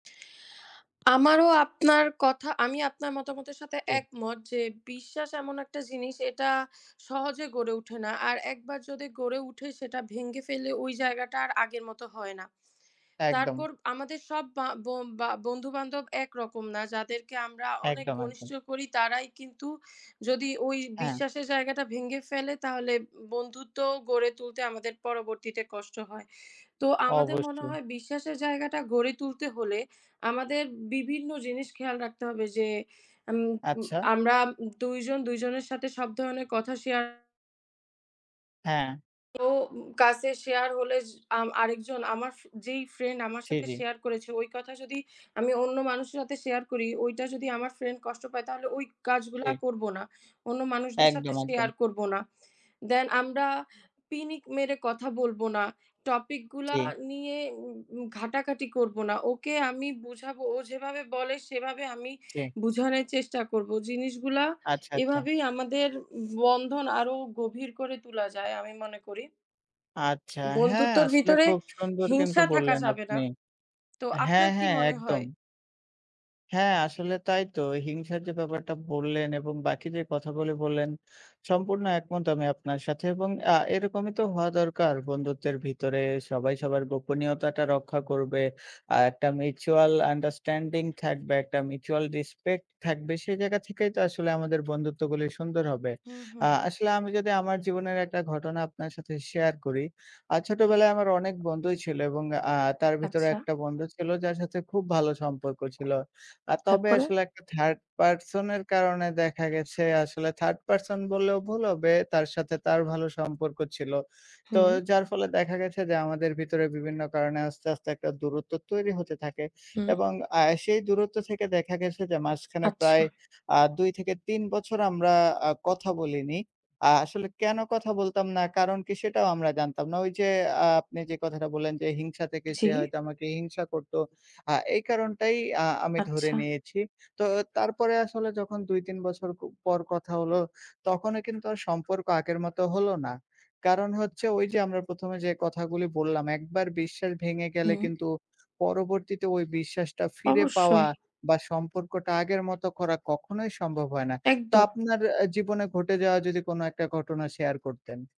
আমারও আপনার কথা, আমি আপনার মতামতের সাথে জি। একমত যে, বিশ্বাস এমন একটা জিনিস এটা সহজে গড়ে ওঠে না। আর একবার যদি গড়ে ওঠে সেটা ভেঙে ফেললে ওই জায়গাটা আর আগের মত হয় না। একদম। তারপর আমাদের সব বা ব বা বন্ধু-বান্ধব একরকম না। যাদেরকে আমরা অনেক একদম। ঘনিষ্ঠ একদম। করি, তারাই কিন্তু যদি ওই হ্যাঁ। বিশ্বাসের জায়গাটা ভেঙে ফেলে তাহলে বন্ধুত্ব গড়ে তুলতে আমাদের পরবর্তীতে কষ্ট হয়। তো আমাদের মনে অবশ্যই। হয় বিশ্বাসের জায়গাটা গড়ে তুলতে হলে, আমাদের বিভিন্ন জিনিস খেয়াল রাখতে হবে যে, আম উম আচ্ছা। আমরা ২ জন ২ জনের সাথে সব ধরনের কথা শেয়ার হ্যাঁ। ও কাছে শেয়ার হলে য আম আরেকজন আমার ফ যেই friend আমার ছি, সাথে জি। share করেছে, ওই কথা যদি আমি অন্য মানুষের সাথে share করি, ওইটা যদি আমার friend কষ্ট পায় তাহলে ওই কাজগুলা জি। করবো না। অন্য মানুষদের সাথে একদম, share একদম। করবো না। Then আমরা পিনিক মেরে কথা বলবো না, Topic গুলা জি। নিয়ে উ উ ঘাটাঘাটি করবো না। ওকে আমি বুঝাবো, ও যেভাবে বলে সেভাবে আমি জি। বোঝানের চেষ্টা করবো। জিনিসগুলা আচ্ছা, আচ্ছা। এভাবেই আমাদের বন্ধন আরও গভীর করে তুলা যায় আমি মনে করি। আচ্ছা, হ্যাঁ, বন্ধুত্বর আসলে ভিতরে খুব সুন্দর কিন্তু হিংসা থাকা বললেন যাবে না। আপনি। তো হ্যাঁ, আপনার কি হ্যাঁ, মনে একদম। হয়? হ্যাঁ, আসলে তাই তো। হিংসার যে ব্যাপারটা বললেন এবং বাকি যে কথাগুলি বললেন সম্পূর্ণ একমত আমি আপনার সাথে। এবং অ্যা এরকমই তো হওয়া দরকার। বন্ধুত্বের ভিতরে সবাই সবার গোপনীয়তাটা রক্ষা করবে। আ একটা mutual understanding থাকবে, একটা mutual respect থাকবে। সেই জায়গা থেকেই তো আসলে আমাদের বন্ধুত্বগুলি সুন্দর হবে। হুম, আ হুম। আসলে আমি যদি আমার জীবনের একটা ঘটনা আপনার সাথে share করি। আ হুম। "ছোটবেলায় আমার অনেক বন্ধুই ছিল" এবং আ তার ভিতরে আচ্ছা। একটা বন্ধু ছিল যার সাথে খুব ভালো সম্পর্ক ছিল। আ তবে তারপরে? আসলে একটা third person এর কারণে দেখা গেছে, আসলে third person বললেও ভুল হবে। তার সাথে তার ভালো সম্পর্ক ছিল। তো হুম। যার ফলে দেখা গেছে যে, আমাদের ভিতরে বিভিন্ন কারণে আস্তে, আস্তে, একটা দূরত্ব তৈরি হতে থাকে। হুম। এবং আ সেই দূরত্ব থেকে দেখা গেছে যে মাঝখানে আচ্ছা। প্রায় আ ২-৩ বছর আমরা আ কথা বলিনি। আ আসলে কেন কথা বলতাম না, কারণ কি সেটাও আমরা জানতাম না। ওই যে আ আপনি যে কথাটা বললেন যে হিংসা থেকে, জি। সে হয়তো আমাকে হিংসা করতো, আ এই কারণটাই আ আমি ধরে আচ্ছা। নিয়েছি। তো তারপরে আসলে যখন ২,৩ বছর প পর কথা হলো তখনও কিন্তু আর সম্পর্ক আগের মতো হলো না। কারণ হচ্ছে ওই যে আমরা ১ম এ যে কথাগুলি বললাম, একবার বিশ্বাস ভেঙে গেলে হুম। কিন্তু পরবর্তীতে ওই বিশ্বাসটা ফিরে পাওয়া অবশ্যই। বা সম্পর্কটা আগের মতো করা কখনোই সম্ভব হয় না। তো একদম। আপনার অ্যা জীবনে ঘটে যাওয়া যদি কোন ১ টা ঘটনা share করতেন?